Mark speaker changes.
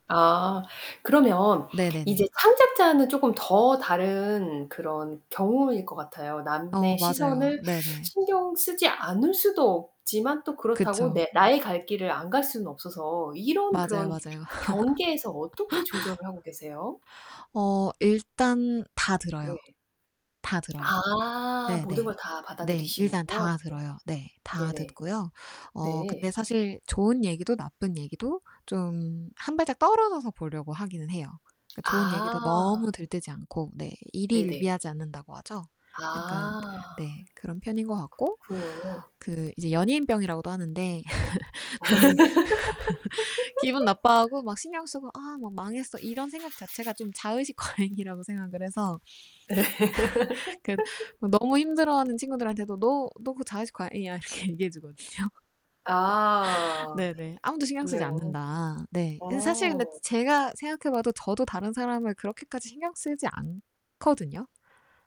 Speaker 1: 아. 그러면
Speaker 2: 네네네.
Speaker 1: 이제 창작자는 쪼끔 더 다른 그런 경우일 것 같아요. 남의
Speaker 2: 어 맞아요.
Speaker 1: 시선을
Speaker 2: 네네.
Speaker 1: 신경 쓰지 않을 수도 없지만 또 그렇다고
Speaker 2: 그쵸.
Speaker 1: 내 나의 갈 길을 안 갈 수는 없어서 이런
Speaker 2: 맞아요,
Speaker 1: 그런
Speaker 2: 맞아요.
Speaker 1: 그 경계에서 어떻게 조절을 하고 계세요?
Speaker 2: 어 일단 다 들어요.
Speaker 1: 네.
Speaker 2: 다 들어요.
Speaker 1: 아.
Speaker 2: 네.
Speaker 1: 모든
Speaker 2: 네.
Speaker 1: 걸 다
Speaker 2: 네. 일단
Speaker 1: 받아들이시는군요.
Speaker 2: 다 들어요. 네.
Speaker 1: [unintelligible]
Speaker 2: 다
Speaker 1: 네네.
Speaker 2: 듣고요. 어
Speaker 1: 네.
Speaker 2: 근데 사실 좋은 얘기도 나쁜 얘기도 좀 1 발짝 떨어져서 보려고 하기는 해요. 그 좋은 얘기도
Speaker 1: 아.
Speaker 2: 너무 들뜨지 않고. 네.
Speaker 1: 네 네.
Speaker 2: 일희일비하지 않는다고 하죠. 약간
Speaker 1: 아.
Speaker 2: 네 그런 편인 것 같고
Speaker 1: 그렇군요.
Speaker 2: 그 이제 연예인 병이라고도 하는데 저는 기분 나빠하고 막 신경 쓰고 아 막 망했어 이런 생각 자체가 좀 자의식 과잉이라고 생각을 해서
Speaker 1: 예.
Speaker 2: 그 너무 힘들어하는 친구들한테도 "너 너 그 자의식 과잉이야." 이렇게 얘기해 주거든요.
Speaker 1: 아.
Speaker 2: 네네. "아무도 신경 쓰지
Speaker 1: 그렇군요.
Speaker 2: 않는다." 네. 사실 근데
Speaker 1: 어.
Speaker 2: 제가 생각해 봐도 저도 다른 사람을 그렇게까지 신경 쓰지 않거든요.